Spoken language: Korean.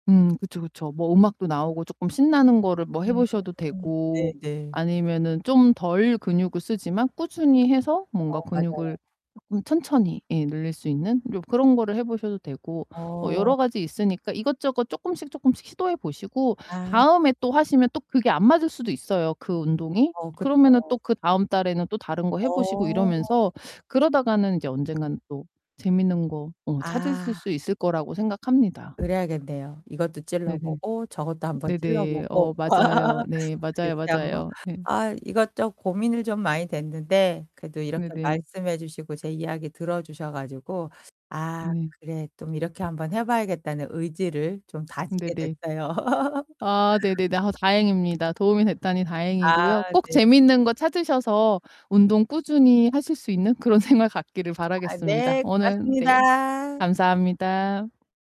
음 그쵸, 그쵸. 뭐 음악도 나오고 쪼끔 신나는 거를 뭐 해 보셔도 음 되고 네네. 아니면은 좀 덜 근육을 쓰지만 꾸준히 해서 뭔가 어 맞아요. 근육을 쪼끔 천천히 예 늘릴 수 있는 요 그런 거를 해 보셔도 되고 어 어. 여러 가지 있으니까 이것저것 쪼끔씩, 쪼끔씩 시도해 보시고 아. 다음에 또 하시면 또 그게 안 맞을 수도 있어요, 그 운동이. 어 그러면은 또 그쵸. 그다음 달에는 또 다른 거 해 보시고 어. 이러면서 그러다가는 인제 언젠가는 또 재밌는 거 어 찾으실 아. 수 있을 거라고 생각합니다. 그래야겠네요. 이것도 네네. 어 찔러보고 저것도 한번 네네. 찔러보고. 어 맞아요. 네 맞아요, 그렇게 한번 맞아요. 네. 아 이것저것 고민을 좀 많이 됐는데 그래도 이렇게 네네. 말씀해 주시고 제 이야기 들어주셔 가지고 '아 네. 그래 좀 이렇게 한번 해 봐야겠다.'는 의지를 좀 다지게 네네. 됐어요. 아 네네네. 아 다행입니다. 도움이 됐다니 다행이고요. 아 꼭 네. 재미있는 거 찾으셔서 운동 꾸준히 하실 수 있는 그런 생활 갖기를 아 바라겠습니다. 네 오늘 네, 고맙습니다. 감사합니다.